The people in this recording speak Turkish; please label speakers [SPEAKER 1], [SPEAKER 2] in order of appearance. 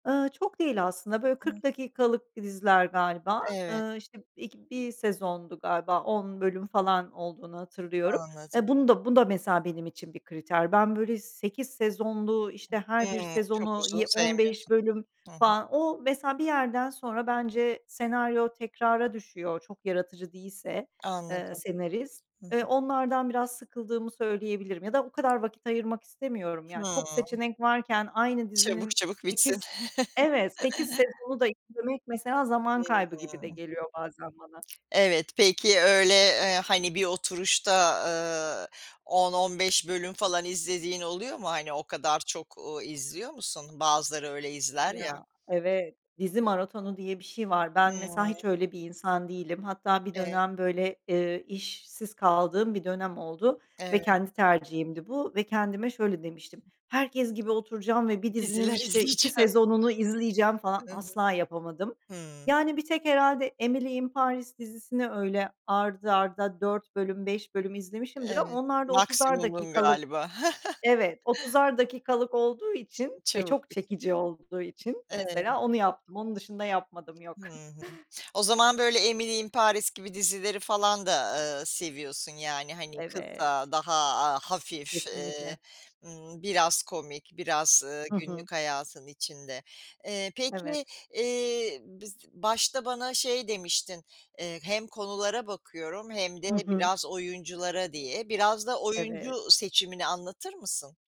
[SPEAKER 1] Iıı, çok değil aslında, böyle 40
[SPEAKER 2] [unintelligible]
[SPEAKER 1] dakikalık diziler galiba.
[SPEAKER 2] Evet.
[SPEAKER 1] Iıı, işte b ilk 1 sezondu galiba, 10 bölüm falan olduğunu hatırlıyorum.
[SPEAKER 2] Anladım.
[SPEAKER 1] E bunu da, bu da mesela benim için bir kriter. Ben böyle 8 sezonlu, işte her bir
[SPEAKER 2] Hımm. Çok
[SPEAKER 1] sezonu
[SPEAKER 2] uzun
[SPEAKER 1] yi 15
[SPEAKER 2] sevmiyorsun.
[SPEAKER 1] bölüm
[SPEAKER 2] Hı hı.
[SPEAKER 1] falan o mesela bir yerden sonra bence senaryo tekrara düşüyor çok yaratıcı değilse, eee,
[SPEAKER 2] Anladım.
[SPEAKER 1] senarist.
[SPEAKER 2] Hı hı.
[SPEAKER 1] Eee, onlardan biraz sıkıldığımı söyleyebilirim ya da o kadar vakit ayırmak istemiyorum ya çok
[SPEAKER 2] Hımm.
[SPEAKER 1] seçenek varken aynı
[SPEAKER 2] Çabuk
[SPEAKER 1] dizinin
[SPEAKER 2] çabuk bitsin.
[SPEAKER 1] 8 evet, 8 sezonu da izlemek mesela zaman
[SPEAKER 2] Hı
[SPEAKER 1] kaybı gibi de
[SPEAKER 2] hı.
[SPEAKER 1] geliyor bazen bana.
[SPEAKER 2] Evet, peki öyle, eee, hani, bir oturuşta, ııı, 10-15 bölüm falan izlediğin oluyor mu? Hani, o kadar çok, uuu, izliyor musun? Bazıları öyle izler ya.
[SPEAKER 1] Ya, evet. Dizi maratonu diye bir şey var. Ben mesela,
[SPEAKER 2] Hımm.
[SPEAKER 1] hiç öyle bir insan değilim. Hatta bir
[SPEAKER 2] E
[SPEAKER 1] dönem böyle, ııı, işsiz kaldığım bir dönem oldu ve
[SPEAKER 2] Evet.
[SPEAKER 1] kendi tercihimdi bu ve kendime şöyle demiştim. Herkes gibi oturacağım ve bir dizinin
[SPEAKER 2] Diziler
[SPEAKER 1] işte 2
[SPEAKER 2] izleyeceğim.
[SPEAKER 1] sezonunu izleyeceğim falan,
[SPEAKER 2] Hı hı.
[SPEAKER 1] asla yapamadım.
[SPEAKER 2] Hımm.
[SPEAKER 1] Yani, bir tek herhâlde Emily in Paris dizisini öyle art arda 4 bölüm, 5 bölüm izlemişimdir. Ama
[SPEAKER 2] Evet.
[SPEAKER 1] onlar da 30'ar
[SPEAKER 2] Maksimumun
[SPEAKER 1] dakikalık,
[SPEAKER 2] galiba.
[SPEAKER 1] evet, 30'ar dakikalık olduğu
[SPEAKER 2] Çe
[SPEAKER 1] için ve
[SPEAKER 2] çabuk
[SPEAKER 1] çok
[SPEAKER 2] biti
[SPEAKER 1] çekici olduğu için
[SPEAKER 2] evet.
[SPEAKER 1] mesela onu yaptım. Onun dışında yapmadım, yok.
[SPEAKER 2] Hı hı. O zaman böyle Emily in Paris gibi dizileri falan da, ııı, seviyorsun yani, hani,
[SPEAKER 1] Evet.
[SPEAKER 2] kısa daha, aaa, hafif, eee,
[SPEAKER 1] Kesinlikle.
[SPEAKER 2] ımm, biraz komik biraz, ııı,
[SPEAKER 1] Hı hı.
[SPEAKER 2] günlük hayatın içinde. Eee, peki,
[SPEAKER 1] Evet.
[SPEAKER 2] eee, biz başta bana şey demiştin, eee, hem konulara bakıyorum hem de
[SPEAKER 1] Hı hı.
[SPEAKER 2] biraz oyunculara diye. Biraz da oyuncu
[SPEAKER 1] Evet.
[SPEAKER 2] seçimini anlatır mısın?